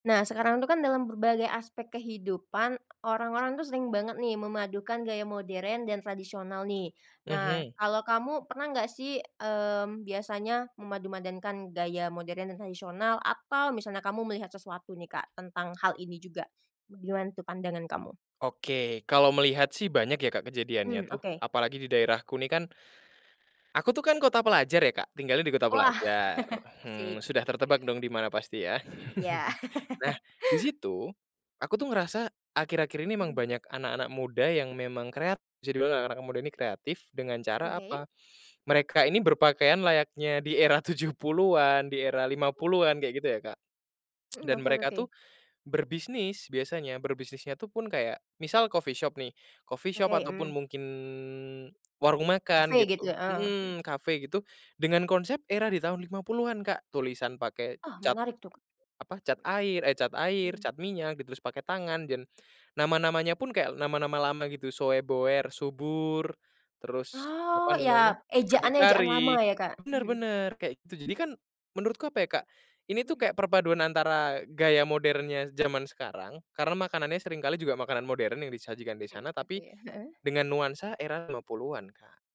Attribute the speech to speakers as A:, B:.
A: Nah sekarang itu kan dalam berbagai aspek kehidupan orang-orang tuh sering banget nih memadukan gaya modern dan tradisional nih, nah
B: Mhm.
A: kalo kamu pernah gak sih, mmm, biasanya memadumadankan gaya modern dan tradisional atau misalnya kamu melihat sesuatu nih Kak tentang hal ini juga? Gimana tuh pandangan kamu?
B: Oke kalau melihat sih banyak ya Kak kejadiannya
A: Mhm,
B: tuh
A: Oke.
B: apalagi di daerahku nih kan, aku tuh kan kota pelajar ya Kak tinggalnya di kota
A: Wah
B: pelajar, hmm,
A: asik.
B: sudah tertebak dong dimana pasti ya
A: Ya.
B: nah disitu, aku tuh ngerasa akhir-akhir ini memang
A: Mhm.
B: banyak anak-anak muda yang memang kreatif bisa dibilang anak-anak muda ini kreatif dengan
A: Mhm,
B: cara
A: oke.
B: apa, mereka ini berpakaian layaknya di era 70-an di era 50-an kayak gitu ya Kak,
A: Mhm,
B: dan
A: oke oke
B: mereka
A: oke.
B: tuh, berbisnis biasanya berbisnisnya tuh pun kayak misal coffee shop nih coffee shop
A: Oke,
B: atau pun
A: mmm.
B: mungkin warung makan
A: Cafe gitu,
B: gitu,
A: heeh, mhm.
B: mhm, cafe gitu dengan konsep era di tahun 50-an Kak tulisan pakai
A: Oh
B: cat,
A: menarik tuh,
B: apa cat
A: mhm,
B: air, eh, cat air
A: mmm.
B: cat minyak gitu ditulis pakai tangan dan, nama-namanya pun kayak nama-nama lama gitu soeboer subur terus
A: Oh
B: apa
A: ya
B: namanya
A: ejaannya ejaan lama
B: berdikari
A: ya Kak,
B: bener
A: mhm.
B: bener kayak gitu jadi kan menurutku apa ya Kak, ini tuh
A: Mhm.
B: kayak perpaduan antara gaya modernnya zaman sekarang karena makanannya sering kali juga makanan modern yang disajikan di
A: Mhm,
B: sana
A: oke,
B: tapi,
A: heeh.
B: dengan nuansa era 50-an, Kak.